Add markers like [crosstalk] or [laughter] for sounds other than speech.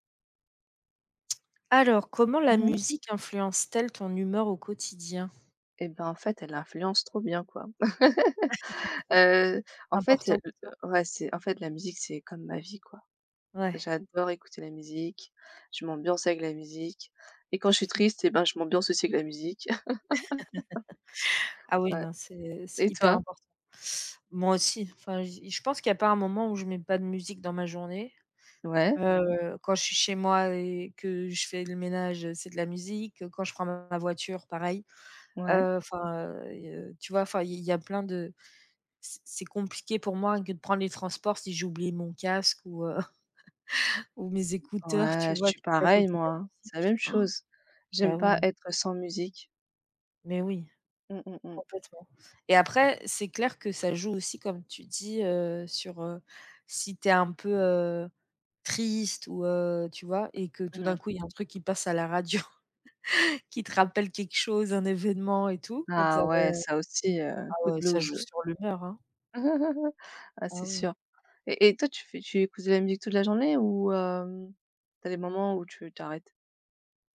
Alors comment la Mmh mh. musique influence t-elle ton humeur au quotidien? Et bah en fait elle influence trop bien, quoi. [chuckles] [chuckles] Heu C'est en fait, le important pour le toi? ouais c'est en fait la musique c'est comme ma vie, quoi. Ouais. J'adore écouter la musique, je m'ambiance avec la musique et quand je suis triste, et ben je m'ambiance aussi avec de la musique. [chuckles] [laughs] Ah oui, Ouais non, c'est c'est et hyper toi? important. Moi aussi, enfin j'y je pense qu'il y a pas un moment où je mets pas de musique dans ma journée. Ouais. Heu, quand je suis chez moi et que je fais le ménage, c'est de la musique. Quand je prends ma voiture pareil. Ouais. Heu, enfin, heu, il y tu vois, enfin i il y a plein de c'est c'est compliqué pour moi que de prendre les transports si j'oublie mon casque ou heu, [chuckles] ou mes écouteurs, Ouais, tu je vois suis que je peux pas pareil écouter de moi, la hein. C'est la musique. même Han. chose. J'aime Ben pas oui. être sans musique. Mais oui, Mmh. mmh mh. complètemen et après, c'est clair que ça joue aussi, comme tu dis, heu, sur, heu, si tu es un peu, heu, triste ou, heu, tu vois et que tout Mmh d'un mh. coup il y a un truc qui passe à la radio, [chuckles] qui te rappelle quelque chose, un événement et tout. Donc ça Ah peut ouais, ça aussi, heu, ah coup de ouais, ça joue blues. sur l'humeur, hein. [laughs] Ah c'est Ah oui. sûr et et toi tu fais tu écoutes de la musique toute la journée ou hem, tu as des moments où tu tu arrêtes?